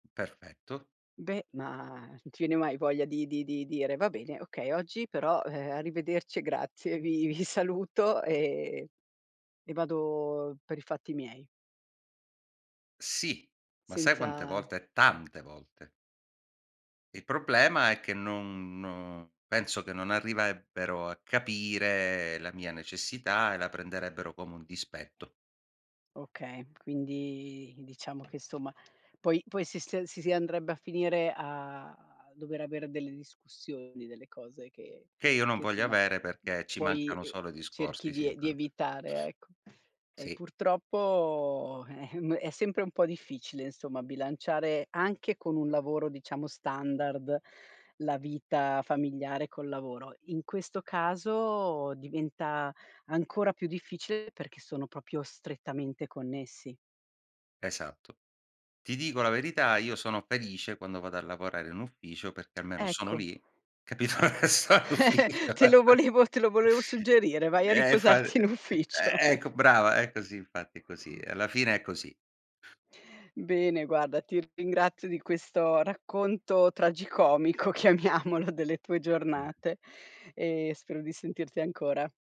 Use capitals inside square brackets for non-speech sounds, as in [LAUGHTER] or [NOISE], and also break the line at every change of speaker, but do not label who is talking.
Perfetto.
Beh, ma non ti viene mai voglia di di di dire: "Va bene, okay oggi però, ehm, arrivederci e grazie, vi vi saluto e e vado per i fatti miei"?
Sì, ma sai quante
Senza
volte? Tante volte. Il problema è che non non penso che non arriverebbero a capire la mia necessità e la prenderebbero come un dispetto.
Okay, quindi diciamo che insomma poi poi si sta si si andrebbe a finire a dover avere delle discussioni, delle cose che
Che io non
che,
voglio
insomma,
avere perché ci
poi,
mancano
uhm,
solo i
cerchi
discorsi sì
di ev di
[UNINTELLIGIBLE]
evitare, ecco. Eh
Sì.
purtroppo eh, ehm, è sempre un po' difficile insomma bilanciare anche con un lavoro, diciamo, standard la vita familiare col lavoro. In questo caso diventa ancora più difficile perché sono proprio strettamente connessi.
Esatto. Ti dico la verità, io sono felice quando vado a lavorare in ufficio, perché almeno sono
Ecco
lì, capito, so in
[CHUCKLES]
ufficio
te lo
[LAUGHS]
volevo te lo volevo suggerire, vai a
E infa
riposarti in ufficio.
e ecco brava, è così infatti, è così. Alla fine è così.
Bene, guarda, ti ringrazio di questo racconto tragicomico chiamiamolo delle tue
Mh.
giornate e spero di sentirti ancora.